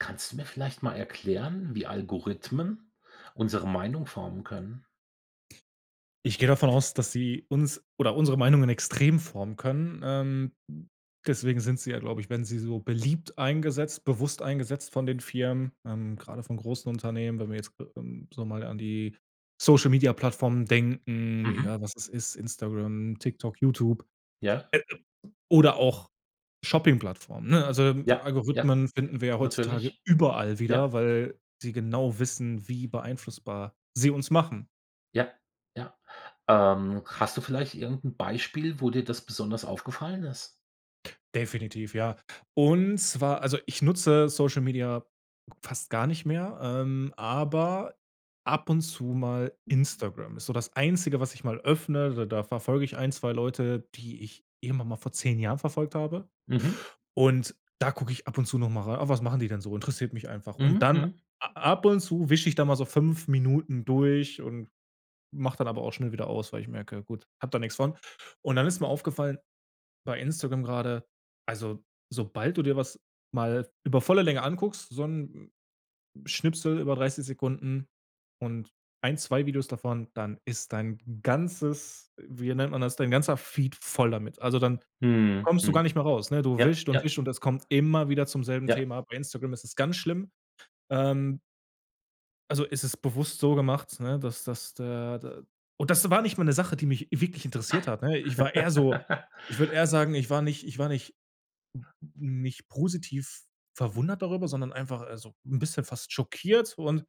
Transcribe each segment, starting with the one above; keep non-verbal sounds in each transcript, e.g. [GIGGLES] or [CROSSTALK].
Kannst du mir vielleicht mal erklären, wie Algorithmen unsere Meinung formen können? Ich gehe davon aus, dass sie uns oder unsere Meinungen extrem formen können, ähm, hm, deswegen sind sie ja, glaube ich werden sie so beliebt eingesetzt bewusst eingesetzt von den Firmen, ähm, grade von großen Unternehmen, wenn wir jetzt, ge ähm, so mal an die Social-Media-Plattformen denken, Mhm. egal was es ist, Instagram, Tiktok, YouTube. Äh, I Ja. oder auch Shopping Plattformen, ne? Also, ähm, Ja, ja, Algorithmen ja, finden wir ja heutzutage natürlich, überall ja. wieder, weil sie genau wissen, wie beeinflussbar sie uns machen. Ja, ja. Ähm, hast du vielleicht irgend 'n Beispiel, wo dir das besonders aufgefallen ist? Definitiv, ja. Und zwar, also, ich nutze Social-Media fast gar nicht mehr, ähm, aber ab und zu mal Instagram. Ist so das Einzige, was ich mal öffne. D da verfolge ich 1, 2 Leute, die ich irgendwann mal vor 10 Jahren verfolgt habe. Mhm. Und da gucke ich ab und zu noch mal rei „Ah, was machen die denn so?“ Interessiert mich einfach. Und Mhm, dann mhm. a ab und zu wisch ich da mal so 5 Minuten durch und mach dann aber auch schnell wieder aus, weil ich merke, gut, habe da nix von. Und dann ist mir aufgefallen, bei Instagram grade, also, sobald du dir was mal über volle Länge anguckst, so 'n Schnipsel über 30 Sekunden und 1, 2 Videos davon, dann ist dein ganzes wie nennt man das, dein ganzer Feed voll damit. Also, dann Mhm, kommst du mhm. gar nicht mehr raus, ne? Du Ja, wischt und ja. wischt und es kommt immer wieder zum selben Ja. Thema. Bei Instagram ist es ganz schlimm, ähm. Also, es ist bewusst so gemacht, ne, dass dass da da und das war nicht mal 'ne Sache, die mich wirklich interessiert hat, ne? Ich war eher so [GIGGLES] ich würde eher sagen, ich war nicht ich war nicht nicht positiv verwundert darüber, sondern einfach, also, 'n bisschen fast schockiert. Und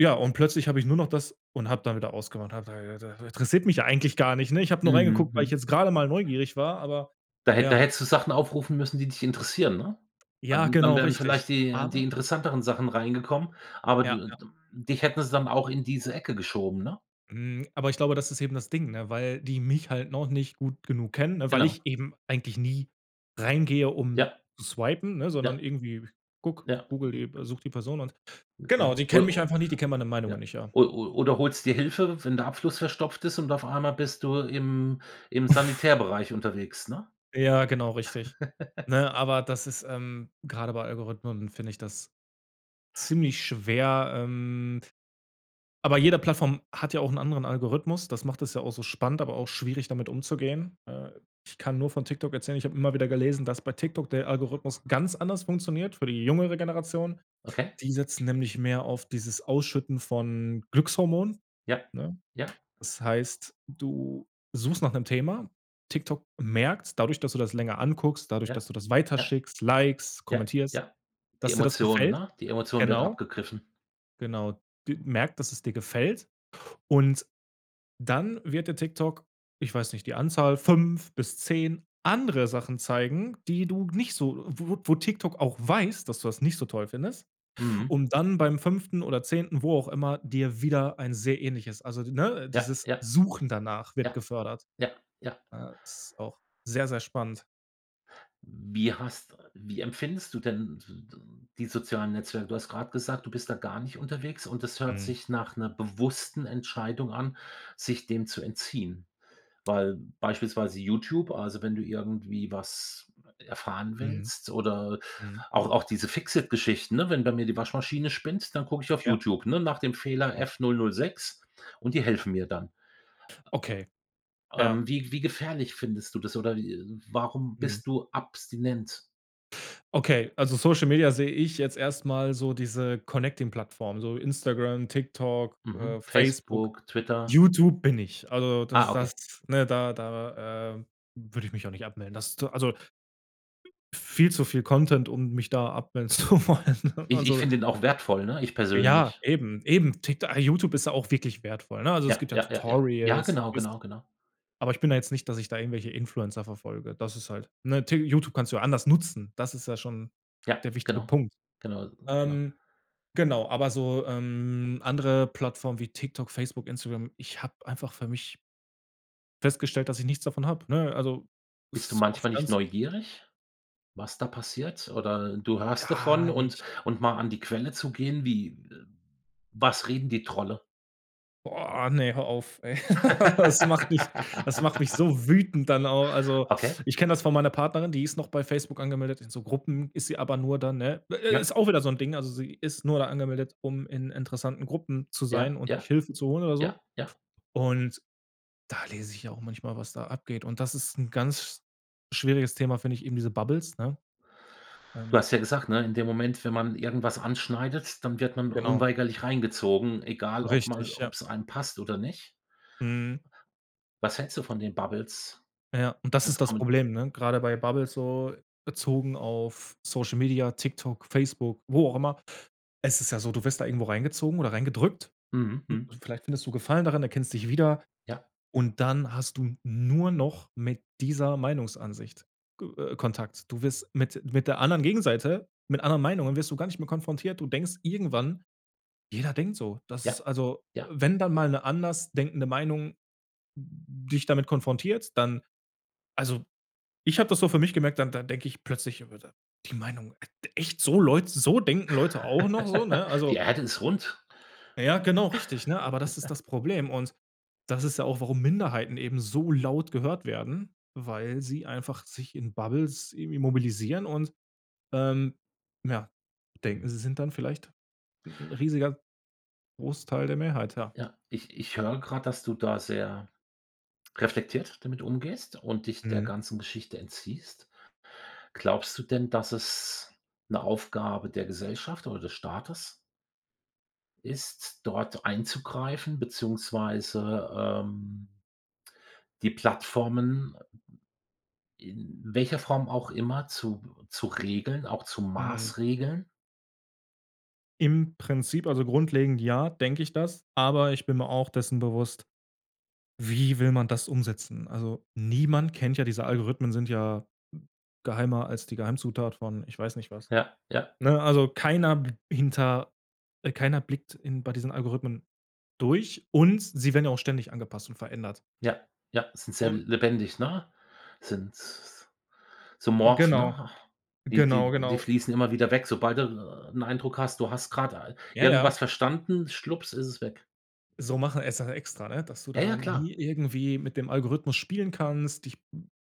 ja, und plötzlich habe ich nur noch das und habe dann wieder ausgemacht. Und habe da [UNINTELLIGIBLE] interessiert mich ja eigentlich gar nicht, ne? Ich hab nur reingeguckt, weil ich Mhm. jetzt grade mal neugierig war, aber Da hätt da ja. hättest du Sachen aufrufen müssen, die dich interessieren, ne? Ja, Dann dann genau, werden richtig. vielleicht die die Aber interessanteren Sachen reingekommen, aber d Ja, ja. d dich hätten sie dann auch in diese Ecke geschoben, ne? Mhm, aber ich glaube, das ist eben das Ding, ne? Weil die mich halt noch nicht gut genug kennen, ne? Weil Genau. ich eben eigentlich nie reingehe, um Ja. zu swipen, ne? Sondern Ja. irgendwie gucke, Ja. Google die äh, suche die Person und genau, Genau. die kennen mich O einfach nicht, die kennen meine Meinung ja, nicht, ja. o o oder holst dir Hilfe, wenn der Abfluss verstopft ist und auf einmal bist du im im [SNORTS] Sanitärbereich unterwegs, ne? Ja, genau richtig. [CHUCKLES] Ne, aber das ist, ähm, grade bei Algorithmen finde ich das ziemlich schwer, ähm, aber jede Plattform hat ja auch 'n anderen Algorithmus. Das macht es ja auch so spannend, aber auch schwierig, damit umzugehen. Äh, ich kann nur von TikTok erzählen, ich habe immer wieder gelesen, dass bei TikTok der Algorithmus ganz anders funktioniert für die jungere Generation. Okay. Die setzen nämlich mehr auf dieses ausschütten von Glückshormonen, Ja. ne? Ja. Das heißt, du suchst nach 'nem Thema. TikTok merkt's dadurch, dass du das länger anguckst, dadurch, Ja, dass du das ja. weiterschickst, likest, Ja, kommentierst, ja die dass dir das Emotionen gefällt. ne? Die Emotion wird Genau. abgegriffen. Genau. d merkt, dass es dir gefällt und dann wird dir TikTok, ich weiß nicht, die Anzahl 5 bis 10 andere Sachen zeigen, die du nicht so wo wo TikTok auch weiß, dass du das nicht so toll findest. Mhm. Um dann beim 5. oder 10., wo auch immer, dir wieder ein sehr ähnliches. Also d ne, Ja, dieses ja. Suchen danach wird Ja, gefördert. ja, ja. Ne, ist auch sehr, sehr spannend. Wie hast wie empfindest du denn d d die sozialen Netzwerke? Du hast grad gesagt, du bist da gar nicht unterwegs und es hört Mhm. sich nach 'ner bewussten Entscheidung an, sich dem zu entziehen. Weil beispielsweise YouTube, also, wenn du irgendwie was erfahren Mhm. willst oder Mhm. auch auch diese Fix-it-Geschichten, ne, wenn bei mir die Waschmaschine spinnt, dann gucke ich auf Ja. YouTube, ne, nach dem Fehler Ja. „F006“ und die helfen mir dann. Okay. Ja. Ähm, wie wie gefährlich findest du das oder, äh, warum Mhm. bist du abstinent? Okay, also, Social Media sehe ich jetzt erst mal so diese connecting Plattform, so Instagram, TikTok, Mhm. äh, Facebook, Facebook, Twitter. YouTube bin ich. Also, das Ah, das, okay. ne, da da, ähm, würde ich mich auch nicht abmelden. Das ist so, also viel zu viel Content, um mich da abmelden zu wollen, Ich ich also. find den auch wertvoll, ne? Ich Ja, persönlich. eben, eben. Tik YouTube ist ja auch wirklich wertvoll, ne? Also, es Ja, gibt ja ja, ja, ja. Ja, Tutorials, genau, ist genau, genau. aber ich bin ja jetzt nicht, dass ich da irgendwelche Influencer verfolge. Das ist halt, ne, T YouTube kannst du ja anders nutzen. Das ist ja schon Ja, der wichtige genau, Punkt. genau, genau. Ähm, genau, aber so, ähm, andere Plattformen wie TikTok, Facebook, Instagram, ich habe einfach für mich festgestellt, dass ich nichts davon habe, ne? Also, Bist du ist oft manchmal nicht ganz neugierig, was da passiert oder du hörst Gar davon und nicht. und mal an die Quelle zu gehen wie was reden die Trolle? Boah, ne, hör auf, ey. [CHUCKLES] Das macht mich das macht mich [LAUGHS] so wütend dann auch. Also, Okay. ich kenne das von meiner Partnerin, die ist noch bei Facebook angemeldet, in so Gruppen ist sie aber nur dann, ne? Ja. Ist auch wieder so 'n Ding. Also, sie ist nur da angemeldet, um in interessanten Gruppen zu Ja, sein und sich ja, Hilfe zu holen oder so. ja, ja. Und da lese ich ja auch manchmal, was da abgeht. Und das ist 'n ganz schwieriges Thema, finde ich, eben diese Bubbles, ne? Du Ähm hast ja gesagt, ne? In dem Moment, wenn man irgendwas anschneidet, dann wird man Genau. unweigerlich reingezogen, egal ob man Richtig, ja. ob's einem passt oder nicht. Mhm. Was hältst du von den Bubbles? Ja, und das ist Als das kommen Problem, ne? Grade bei Bubbles so bezogen auf Social Media, TikTok, Facebook, wo auch immer. Es ist ja so: Du wirst da irgendwo reingezogen oder reingedrückt. Mhm, mhm. Und vielleicht findest du Gefallen daran, erkennst dich wieder. Ja. Und dann hast du nur noch mit dieser Meinungsansicht g äh, Kontakt. Du wirst mit mit der anderen Gegenseite mit anderen Meinungen wirst du gar nicht mehr konfrontiert. Du denkst irgendwann: Jeder denkt so. Das ist, Ja, also äh, ja. wenn dann mal eine anders denkende Meinung d dich damit konfrontiert, dann also, ich habe das so für mich gemerkt, dann dann denke ich plötzlich über da die Meinung: „D echt, so Leute so denken Leute auch noch“, so, ne? [CHUCKLES] Die Also Erde ist rund. Ja, genau richtig, ne? Aber das ist [CHUCKLES] das Problem. Und das ist ja auch, warum Minderheiten eben so laut gehört werden, weil sie einfach sich in Bubbles irgendwie mobilisieren und, ähm, ja, denken, Mhm. sie sind dann vielleicht 'n riesiger Großteil der Mehrheit, ja. Ja, ich ich höre grad, dass du da sehr reflektiert damit umgehst und dich der Mhm. ganzen Geschichte entziehst. Glaubst du denn, dass es 'ne Aufgabe der Gesellschaft oder des Staates ist, dort einzugreifen beziehungsweise, ähm, die Plattformen, äh, m m in welcher Form auch immer zu b zu regeln, auch zu Mhm. maßregeln? Im Prinzip also, grundlegend, ja, denke ich das. Aber ich bin mir auch dessen bewusst: Wie will man das umsetzen? Also, niemand kennt ja diese Algorithmen, sind ja geheimer als die Geheimzutat von, ich weiß nicht was, Ja, ja. ne? Also, keiner b hinter äh, keiner blickt in bei diesen Algorithmen durch und sie werden auch ständig angepasst und verändert. Ja, ja, sind sehr Und lebendig, ne? Sind s so morph, Genau, ne? Die genau, die die genau. fließen immer wieder weg, sobald du 'n Eindruck hast, du hast grade, äh, Ja, ja. irgendwas verstanden, schwups, ist es weg. So machen es ja extra, ne? Dass du Ja, ja da klar. nie irgendwie mit dem Algorithmus spielen kannst, dich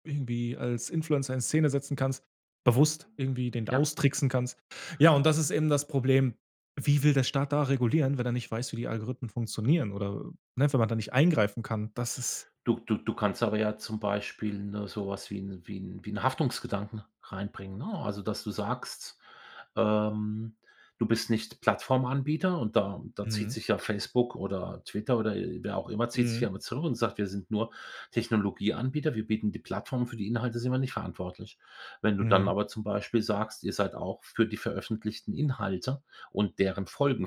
irgendwie als Influencer in Szene setzen kannst, bewusst irgendwie den Ja. austricksen kannst. Ja, und das ist eben das Problem. Wie will der Staat da regulieren, wenn er nicht weiß, wie die Algorithmen funktionieren oder, ne, wenn man da nicht eingreifen kann? Das ist Du du du kannst aber ja zum Beispiel, ne, so was wie 'n wie 'n wie 'n Haftungsgedanken reinbringen, ne? Also, dass du sagst, ähm, du bist nicht Plattformanbieter und da da zieht Mhm. sich ja Facebook oder Twitter oder wer auch immer zieht sich ja Mhm. immer zurück und sagt: „Wir sind nur Technologieanbieter. Wir bieten die Plattform für die Inhalte sind wir nicht verantwortlich.“ Wenn du dann Mhm. aber zum Beispiel sagst, ihr seid auch für die veröffentlichten Inhalte und deren Folgen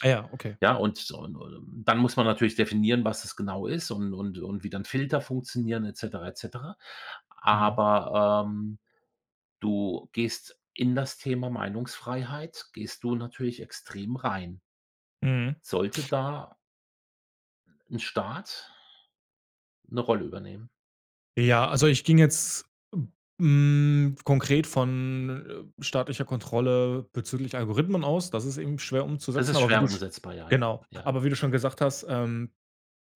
Ah ja okay. Ja, und und dann muss man natürlich definieren, was das genau ist und und und wie dann Filter funktionieren et cetera, et cetera. Mhm. Aber, ähm, du gehst in das Thema Meinungsfreiheit gehst du natürlich extrem rein Mhm. sollte da 'n Staat 'ne Rolle übernehmen? Ja, also, ich ging jetzt, hm, konkret von, äh, staatlicher Kontrolle bezüglich Algorithmen aus. Das ist eben schwer Es umzusetzen, ist aber wie schwer du sch umsetzbar, ja, ja, genau, ja. aber wie du schon gesagt hast, ähm,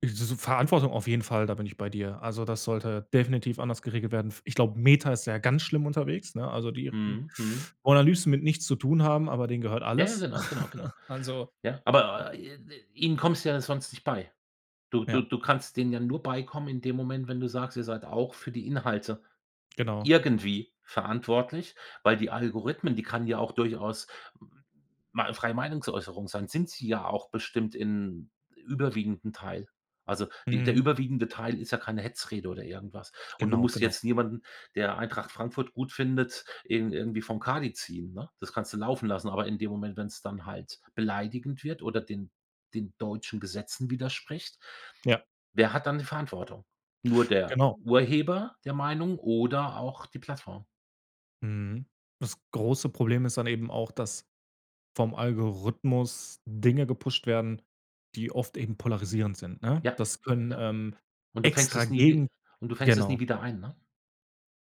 [UNINTELLIGIBLE] Verantwortung auf jeden Fall, da bin ich bei dir. Also, das sollte definitiv anders geregelt werden. F ich glaube, Meta ist ja ganz schlimm unterwegs, ne? Also, die Mhm, mhm. wollen am liebsten mit nichts zu tun haben, aber denen gehört Ja, ja, alles. genau, genau, genau. [CHUCKLES] Also Ja, aber, äh, ihnen kommst du ja sonst nicht bei. Du du Ja. du kannst denen ja nur beikommen in dem Moment, wenn du sagst: „Ihr seid auch für die Inhalte Genau. irgendwie verantwortlich.“ Weil die Algorithmen, die kann ja auch durchaus m mal freie Meinungsäußerung sein, sind sie ja auch bestimmt in überwiegenden Teil. Also, die der Mhm. überwiegende Teil ist ja keine Hetzrede oder irgendwas. Und du Genau, musst genau. jetzt niemanden, der Eintracht Frankfurt gut findet, ihn irgendwie vom Kadi ziehen, ne? Das kannst du laufen lassen, aber in dem Moment, wenn's dann halt beleidigend wird oder den den deutschen Gesetzen widerspricht, Ja. wer hat dann die Verantwortung? Nur der Genau. Urheber der Meinung oder auch die Plattform? Mhm, das große Problem ist dann eben auch, dass vom Algorithmus Dinge gepusht werden, die oft eben polarisierend sind, ne? Ja, Das können, ja, ähm, und du fängst extra es nie w gegen und du fängst es nie genau. wieder ein, ne?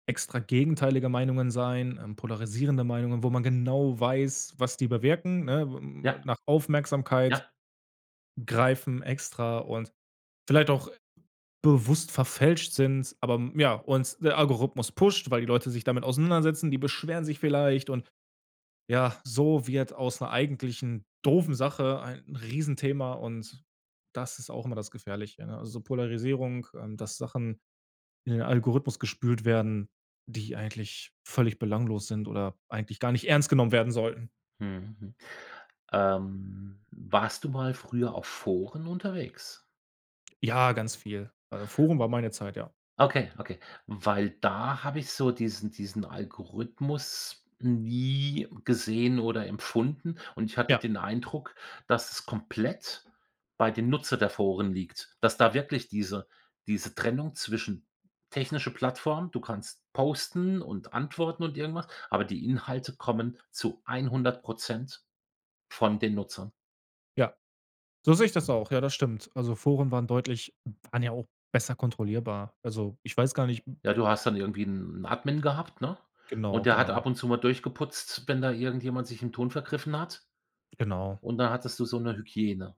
Extra gegenteilige Meinungen sein, ähm, polarisierende Meinungen, wo man genau weiß, was die bewirken, ne? Ja. Nach Aufmerksamkeit Ja. greifen extra und vielleicht auch bewusst verfälscht sind. Aber, ja und der Algorithmus pusht, weil die Leute sich damit auseinandersetzen, die beschweren sich vielleicht. Und, ja, so wird aus 'ner eigentlichen doofen Sache ein Riesenthema und das ist auch immer das Gefährliche, ne? Also, Polarisierung, ähm, dass Sachen in den Algorithmus gespült werden, die eigentlich völlig belanglos sind oder eigentlich gar nicht ernst genommen werden sollten. Mhm, ähm, warst du mal früher auf Foren unterwegs? Ja, ganz viel. Äh, Forum war meine Zeit, ja. Okay, okay. Weil da habe ich so diesen diesen Algorithmus nie gesehen oder empfunden. Und ich hatte Ja. den Eindruck, dass es komplett bei dem Nutzer der Foren liegt. Dass da wirklich diese diese Trennung zwischen technische Plattform, du kannst posten und antworten und irgendwas, aber die Inhalte kommen zu 100 % von den Nutzern. Ja. So sehe ich das auch. Ja, das stimmt. Also, Foren waren deutlich waren ja auch besser kontrollierbar. Also, ich weiß gar nicht Ja, du hast dann irgendwie 'n 'n Admin gehabt, ne? Genau, Und der hat genau. ab und zu mal durchgeputzt, wenn da irgendjemand sich im Ton vergriffen hat. Genau. Und dann hattest du so 'ne Hygiene.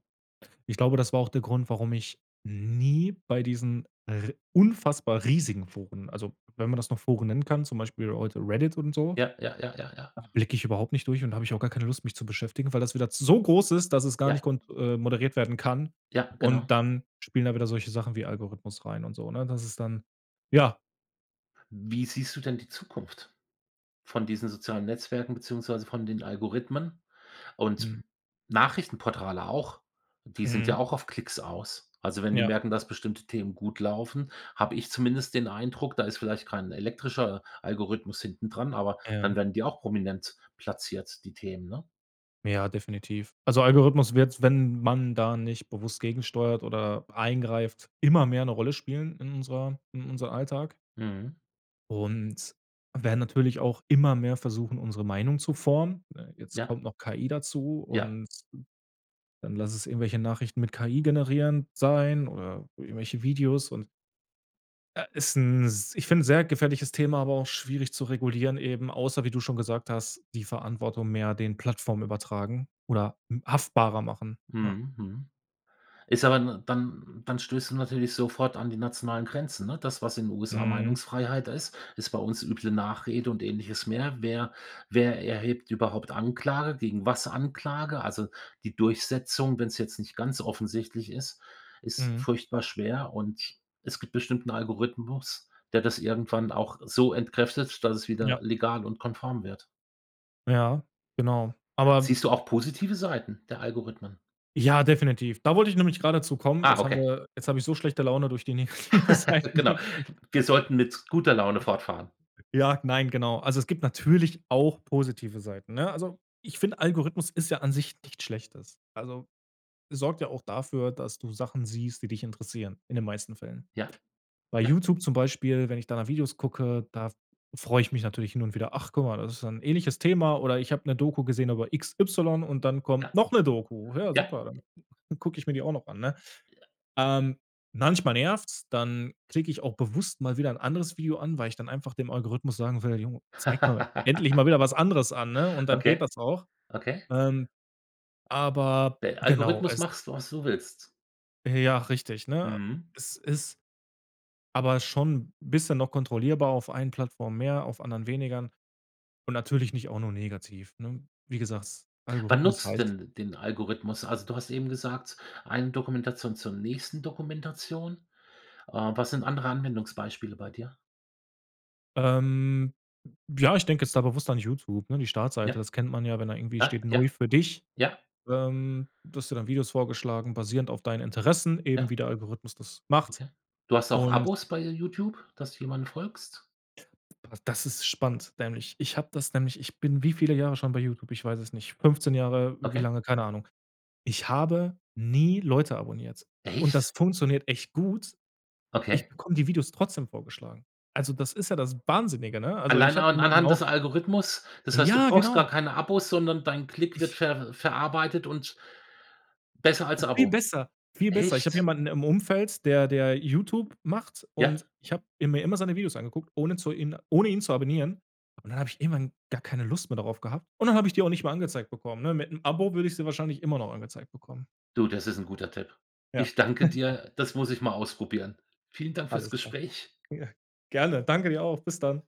Ich glaube, das war auch der Grund, warum ich nie bei diesen r unfassbar riesigen Foren also, wenn man das noch Foren nennen kann, zum Beispiel heute Reddit und so, Ja, ja, ja, ja, ja. da blicke ich überhaupt nicht durch und habe ich auch gar keine Lust, mich zu beschäftigen, weil das wieder so groß ist, dass es gar nicht Ja. kont äh, moderiert werden kann. Ja, genau. Und dann spielen da wieder solche Sachen wie Algorithmus rein und so, ne? Das ist dann ja. Wie siehst du denn die Zukunft von diesen sozialen Netzwerken beziehungsweise von den Algorithmen? Und Mhm. Nachrichtenportale auch, die sind Mhm. ja auch auf Klicks aus. Also, wenn die Ja. merken, dass bestimmte Themen gut laufen, habe ich zumindest den Eindruck, da ist vielleicht kein elektrischer Algorithmus hinten dran, aber Ja. dann werden die auch prominent platziert, die Themen, ne? Ja, definitiv. Also, Algorithmus wird, wenn man da nicht bewusst gegensteuert oder eingreift, immer mehr 'ne Rolle spielen in unserer in unserem Alltag. Mhm. Und werden natürlich auch immer mehr versuchen, unsere Meinung zu formen. Äh, jetzt Ja. kommt noch KI dazu Ja. und dann lasse es irgendwelche Nachrichten mit KI generierend sein oder irgendwelche Videos. Und äh, ist 'n s ich finde, sehr gefährliches Thema. Aber auch schwierig zu regulieren eben, außer wie du schon gesagt hast, die Verantwortung mehr den Plattform übertragen oder m haftbarer machen, ja. Mhm, mhm. Ist aber, ne dann dann stößt du natürlich sofort an die nationalen Grenzen, ne? Das, was in USA Mhm. Meinungsfreiheit ist, ist bei uns üble Nachrede und Ähnliches mehr. Wer wer erhebt überhaupt Anklage gegen was Anklage? Also, die Durchsetzung, wenn's jetzt nicht ganz offensichtlich ist, ist Mhm. furchtbar schwer und es gibt bestimmt 'n Algorithmus, der das irgendwann auch so entkräftet, dass es Ja. wieder legal und konform wird. Ja genau. Aber Siehst du auch positive Seiten der Algorithmen? Ja, definitiv. Da wollte ich nämlich grade dazukommen. Ah, Jetzt haben okay. wir jetzt habe ich so schlechte Laune durch die negative [CHUCKLES] Seiten Genau. bekommen. Wir sollten mit guter Laune fortfahren. [UNINTELLIGIBLE] Ja, nein, genau. Also, es gibt natürlich auch positive Seiten, ne? Also, ich finde, Algorithmus ist ja an sich nichts Schlechtes. Also, sorgt ja auch dafür, dass du Sachen siehst, die dich interessieren, in den meisten Fällen. Ja, Bei ja. YouTube zum Beispiel, wenn ich da nach Videos gucke, da freue ich mich natürlich hin und wieder: „Ach, guck mal, das ist dann 'n ähnliches Thema“ oder „ich habe 'ne Doku gesehen über x y und dann kommt Ja, noch 'ne Doku. Ja, ja, super, ja. dann gucke ich mir die auch noch an“, ne? Ja. Ähm, manchmal nervt's, dann klicke ich auch bewusst mal wieder 'n anderes Video an, weil ich dann einfach dem Algorithmus sagen will: „Jo, zeig mal [LAUGHS] endlich mal wieder was anderes an“, ne? Und dann geht Okay, das auch. okay. Ähm, aber, Dein genau, Algorithmus es machst du was du willst. Ja, richtig, ne? Mhm. Es ist aber schon bisschen noch kontrollierbar, auf einen Plattform mehr, auf anderen weniger und natürlich nicht auch nur negativ, ne? Wie gesagt, Wann Algorithmus nutzt du heißt denn den Algorithmus? Also du hast eben gesagt, eine Dokumentation zur nächsten Dokumentation. Äh, was sind andere Anwendungsbeispiele bei dir? Ähm. Ja, ich denke jetzt da bewusst an YouTube, ne? Die Startseite, Ja, das kennt man ja, wenn da irgendwie ja, steht: ja, „Neu für dich“, ja. ähm, dass dir dann Videos vorgeschlagen basierend auf deinen Interessen eben, Ja wie der Algorithmus das macht. okay. Du hast auch Und Abos bei YouTube, dass du jemanden folgst? P das ist spannend, nämlich. Ich habe das nämlich ich bin wie viele Jahre schon bei YouTube? Ich weiß es nicht, 15 Jahre wie Okay. lange keine Ahnung. Ich habe nie Leute abonniert. Und das Echt? funktioniert echt gut. Ich Okay. bekomme die Videos trotzdem vorgeschlagen. Also, das ist ja das Wahnsinnige, ne? Also, ich Allein habe an jemanden anhand auch des Algorithmus das heißt, du Ja, brauchst gar genau. keine Abos, sondern dein Klick wird Ich ver verarbeitet und besser als Viel Abo. besser, viel besser. Ich habe Echt? jemanden im Umfeld, der der YouTube macht Ja. und ich habe mir immer seine Videos angeguckt, ohne zu ihn ohne ihn zu abonnieren. Und dann habe ich irgendwann gar keine Lust mehr darauf gehabt. Und dann habe ich die auch nicht mehr angezeigt bekommen, ne? Mit 'nem Abo würde ich sie wahrscheinlich immer noch angezeigt bekommen. Du, das ist 'n guter Tipp. Ja. Ich danke [CHUCKLES] dir, das muss ich mal ausprobieren. Vielen Dank fürs Alles klar. Gespräch. Ja, gerne. Danke dir auch. Bis dann.